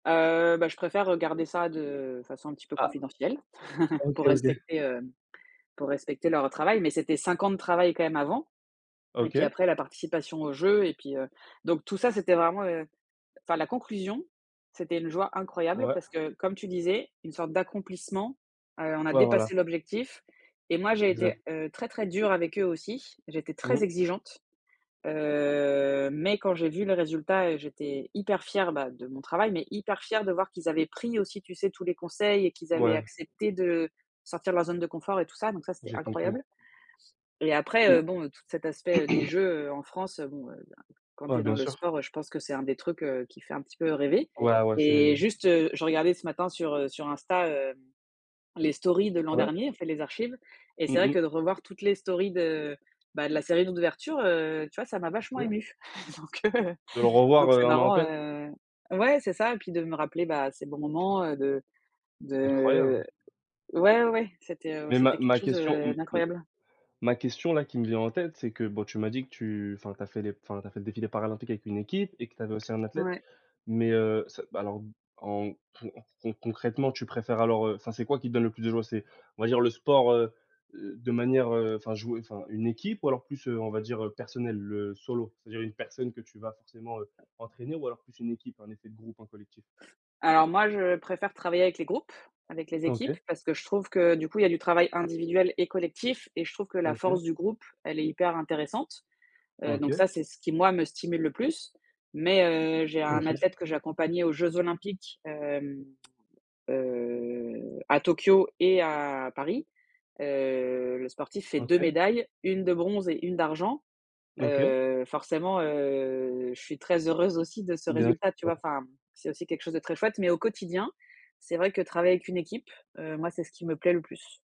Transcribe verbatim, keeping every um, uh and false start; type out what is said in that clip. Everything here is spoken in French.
Heu, bah, je préfère, heu, garder ça de façon un petit peu Ah. confidentielle pour OK, OK. respecter, heu, pour respecter leur travail. Mais c'était cinq ans de travail quand même avant et puis OK. après, la participation aux jeux et puis heu donc tout ça, c'était vraiment heu enfin, la conclusion, c'était une joie incroyable Ouais. parce que, comme tu disais, une sorte d'accomplissement. Heu, on a Ouais, voilà. dépassé l'objectif et moi, j'ai été, Exa heu, très, très dure avec eux aussi. J'étais Mmh très mh. exigeante, heu mais quand j'ai vu les résultats, heu, j'étais hyper fière, bah, de mon travail mais hyper fière de voir qu'ils avaient pris aussi, tu sais, tous les conseils et qu'ils avaient Ouais. accepté de sortir de leur zone de confort et tout ça. Donc ça, c'était J'ai compris. incroyable et après, Mmh heu, bon, toute cet aspect des mh. Jeux, heu, en France, bon, heu, quand tu Ouais, es bien dans le sûr. sport, heu, je pense que c'est un des trucs, heu, qui fait un petit peu rêver Ouais, ouais, c'est et juste, heu, je regardais ce matin sur, heu, sur Insta, hem, les stories de l'an Ouais. dernier, en fait, les archives et Mmh c'est vrai que mmh. de revoir toutes les stories de bah, de la série d'oudverture, heu, tu vois, ça m'a C'est vachement clair. émue. Donc heu, De le revoir, donc heu, c'est un an marrant, après. heu ouais, c'est ça et puis, de me rappeler, bah, de ces bons moments, heu, de de Incroyable. ouais, ouais, ouais, c'était, heu, Mais ma c'était quelque ma chose, question heu, m m d'incroyable. ma question, là, qui me vient en tête, c'est que boh, tu m'as dit que tu enfin, que tu as fait les enfin, tu as fait le défilé paralympique avec une équipe et que tu avais aussi un athlète. Ouais. Mais heu, ça bah alors, en pou con concrètement, tu préfères alors, heu, enfin, c'est quoi qui te donne le plus de joie? C'est on va dire, le sport, heu, de manière, heu enfin jouer enfin, une équipe? Ou alors plus, heu, on va dire, heu, personnel, le solo? C'est-à-dire une personne que tu vas forcément, heu, entraîner ou alors plus une équipe, un effet de groupe, un collectif? Alors, moi, je préfère travailler avec les groupes, avec les équipes OK. parce que je trouve que, du coup, il y a du travail individuel et collectif et je trouve que la OK. force du groupe, elle est hyper intéressante. Heu donc OK. ça, c'est ce qui, moi, me stimule le plus. Mais heu, j'ai un OK. athlète que j'ai accompagné aux Jeux Olympiques, hem, heu, à Tokyo et à Paris. Heu, le sportif fait deux OK. médailles, une de bronze et une d'argent. OK. Heu, forcément, heu, je suis très heureuse aussi de ce Bien résultat, tu vois? ouais. Enfin, c'est aussi quelque chose de très chouette mais au quotidien, c'est vrai que travailler avec une équipe, heu, moi, c'est ce qui me plaît le plus.